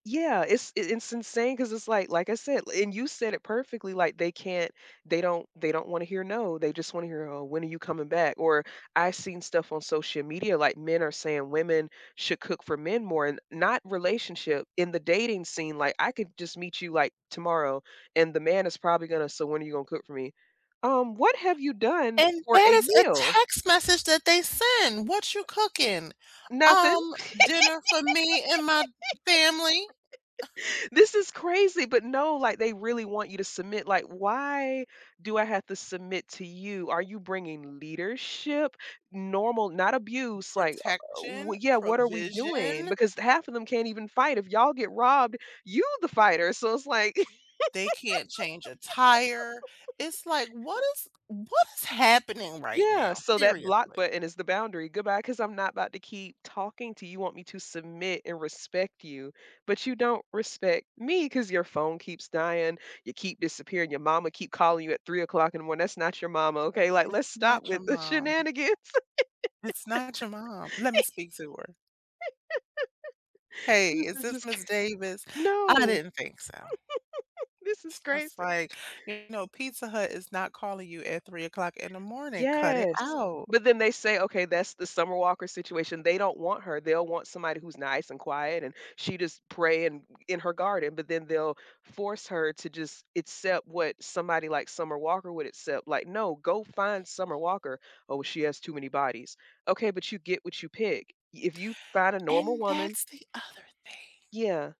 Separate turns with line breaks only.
Yeah, it's in it's insane 'cause it's like, like I said, and you said it perfectly, like they can't they don't they don't wanna hear, "No," they just wanna hear, "Oh, when are you coming back." Or I've seen stuff on social media like men are saying women should cook for men more and not relationship in the dating scene, like, I could just meet you, like, tomorrow, and the man is probably gonna say, "So when are you gonna cook for me?" Um, "What have you done
And
for
that
a
is a
meal?"
text message that they send, "What you cooking?"
Nothing.
"Um, dinner for me and my family."
This is crazy, but no, like, they really want you to submit, like, "Why do I have to submit to you? Are you bringing leadership, normal, not abuse, like, uh,
Protection,
w Yeah, what are we doing?"
provision
Because half of them can't even fight. If y'all get robbed, you the fighter, so it's like
They can't change a tire. It's like, what is what is happening right
Yeah,
now,
so that block
seriously?
button is the boundary. "Goodbye, 'cause I'm not about to keep talking to you. You want me to submit and respect you, but you don't respect me, 'cause your phone keeps dying, you keep disappearing, your mama keep calling you at 3 o'clock in the morning- that's not your mama. Okay? Like,
It's
let's stop
not your
with the
mom.
shenanigans."
It's not your mom. Let me speak to her. "Hey,
This
is
is
this
just cra
Ms. Davis?" I
No.
didn't think so.
This is
It's just
crazy.
like, "You know, Pizza Hut is not calling you at 3 o'clock in the morning, cut it
Yes.
out."
But then they say, "Okay, that's the Summer Walker situation." They don't want her, they don't want somebody who's nice and quiet, and she just praying in her garden, but then they'll force her to just accept what somebody like Summer Walker would accept, like, "No, go find Summer Walker." "Oh, she has too many bodies." "Okay, but you get what you pick." If you find a normal
And
woman
that's the other thing.
Yeah.